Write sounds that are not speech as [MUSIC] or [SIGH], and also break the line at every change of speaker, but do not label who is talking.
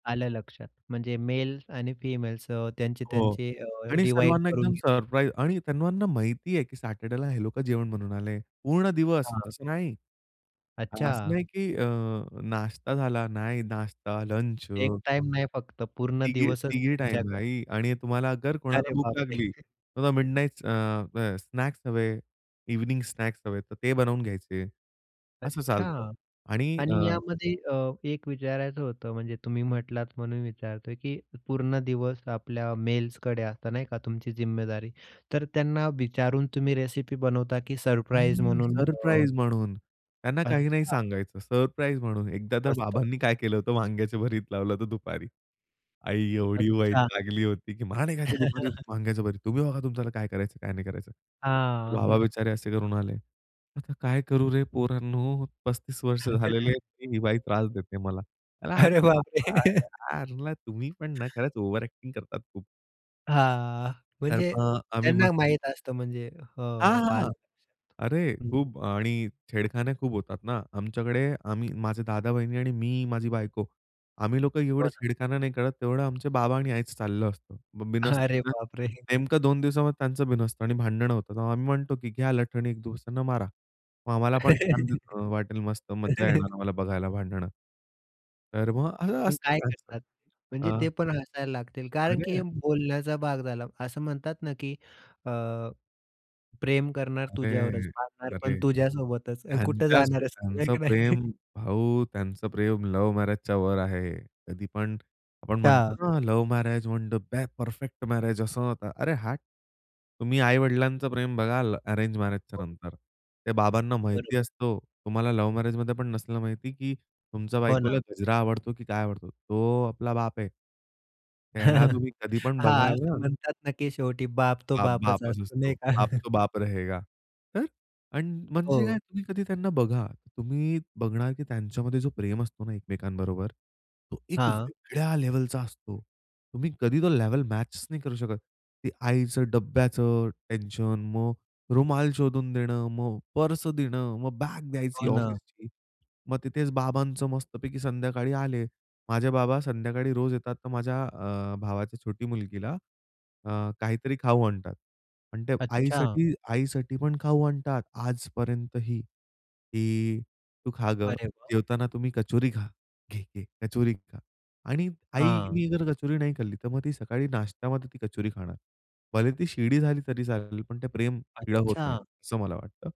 आलं लक्षात, म्हणजे मेल आणि फिमेल्स अ,
हो
त्यांची-त्यांची अ,
आणि
डिव्हाईड
सर्वांना
करून
एकदम
घेतील.
सरप्राईज आणि त्यांना माहिती आहे, की सॅटर्डेला हे लोकं जेवण बनवून आले पूर्ण दिवस.
हां.
असं नाही असं
अच्छा.
नाही, की अ, नाश्ता झाला. नाही, नाश्ता, लंच
एक टाईम नाही, फक्त पूर्ण
तिघी
दिवसच
तिघी
तुमच्याकडे.
टाईमलाईही आणि तुम्हाला जर कोणाला
अरे
भूक
बापरे!
लागली, तर mid nights uh, uh, snacks हवे, इव्हनिंग स्नॅक्स हवे, तर ते बनवून घ्यायचे असं
अच्छा
चालतं आणि अ
आणि यामध्ये अ, एक विचारायचं होतं, म्हणजे तुम्ही म्हटलात म्हणून विचारतोय, की पूर्ण दिवस आपल्या मेल्सकडे असतं, नाही का तुमची जिम्मेदारी. तर त्यांना विचारून तुम्ही रेसिपी बनवता की सरप्राईज
नाही,
म्हणून [UNINTELLIGIBLE]
सरप्राईज म्हणून, त्यांना काही नाही
अच्छा.
सांगायचं. सरप्राईज म्हणून एकदा तर
मस्त.
बाबांनी काय केलं होतं, वांग्याचं भरीत लावलं होतं दुपारी. आई एवढी
अच्छा.
वैतागली होती, की "मला नाही खायचं दुपारी
[CHUCKLES]
वांग्याचं भरीत. तुम्ही बघा तुमच्याला काय करायचं, काय नाही करायचं."
हां.
बाबा
[CHUCKLES]
बिचारे असे करून आले, "आता काय करू रे पोरांनो, 35 वर्ष झालेले
[UNINTELLIGIBLE]
आहेत, तरी ही बाई त्रास देते मला."
अरे बापरे! [CHUCKLES]
[UNINTELLIGIBLE] तुम्ही पण ना
[CHUCKLES]
खरंच ओव्हर अ‍ॅक्टिंग करतात खूप.
हां,
तर
म्हणजे
मग आम्ही मस्त
त्यांना माहीत असतं, म्हणजे हो,
हां, हां
आलं
अरे
लक्षात.
खूप आणि छेडखाने खूप होतात ना आमच्याकडे आम्ही माझे दादा-वहिणी आणि मी, माझी बायको आम्ही लोकं
हो
एवढे
ना.
छेडखाना नाही करत, तेवढं आमचे बाबा आणि आईच चाललं असतं. मग बिनसतं
अरे
ना,
बापरे!
नेमकं 2 दिवसामध्ये त्यांचं बिनसतं आणि भांडणं होतं. आम्ही म्हणतो की, "घ्या लठणी एक दुसऱ्यांना मारा, मग आम्हाला पण छान दिस अ, वाटेल मस्त मज्जा
[LAUGHS]
येणार आम्हाला बघायला भांडणं." तर मग अ,
पण
असतंच
काय
असतंच.
करतात?
अ
म्हणजे ते पण हसायला लागतील. कारण की
अरे.
हे बोलण्याचा भाग झाला. असं म्हणतात ना, की अ, प्रेम करणार तुझ्यावरच,
अरे!
मरणार पण
अरे!
तुझ्यासोबतच अन् कुठे
त्यांच्या
जाणार आहेस तू? आहे
त्यांचं
की नाही?
प्रेम, भाऊ त्यांचं प्रेम लव्ह मॅरेजच्या वर आहे. कधी पण आपण
त्या
म्हणतो ना, लव्ह मॅरेज म्हणजे [UNINTELLIGIBLE] परफेक्ट मॅरेज असं नव्हतं. अरे हट! तुम्ही आई-वडिलांचं प्रेम बघाल, अरेंज मॅरेजच्या
[UNINTELLIGIBLE]
नंतर, ते बाबांना माहिती
बरोबर.
असतो. तुम्हाला लव्ह मॅरेजमध्ये पण नसलं माहिती, की तुमच्या
हो
बायकोला
ना.
गजरा आवडतो की काय आवडतो. तो आपला बाप आहे. त्याला
[CHUCKLES]
तुम्ही कधी पण
हां,
बघाल
असं
ना
म्हणतात ना, की शेवटी बाप तो
बाप
बापच
बापच
असतो,
असतो.
नाही का?
बाप
[CHUCKLES]
तो बाप रहेगा. तर अन् म्हणजे काय,
हो.
तुम्ही कधी त्यांना बघा, तुम्ही बघणार की त्यांच्यामध्ये जो प्रेम असतो ना एकमेकांबरोबर, तो एक
हां.
वेगळ्या लेव्हलचा असतो. तुम्ही कधी तो लेव्हल मॅचेस नाही करू शकत. ते आईचं डब्ब्याचं टेन्शन, मग रुमाल शोधून देणं, मग पर्स देणं, मग बॅग द्यायची
हो ना.
ऑफिसची. मग तिथेच बाबांचं मस्तपैकी संध्याकाळी आले. माझे बाबा संध्याकाळी रोज येतात, तर माझ्या अ, भावाच्या छोटी मुलगीला, अ, काहीतरी खाऊ आणतात आणि ते
अच्छा.
आईसाठी आईसाठी पण खाऊ आणतात आजपर्यंतही की, "तू खा गं.
अरे वा!
जेवताना तुम्ही कचोरी खा. घे, घे कचोरी खा" आणि
हां.
आईनी जर कचोरी नाही खाल्ली तर मग ती सकाळी नाश्त्यामध्ये ती कचोरी खाणार. भले ती शिळी झाली तरी चालेल पण ते प्रेम शिळ होत नाही,
अच्छा.
असं मला वाटतं.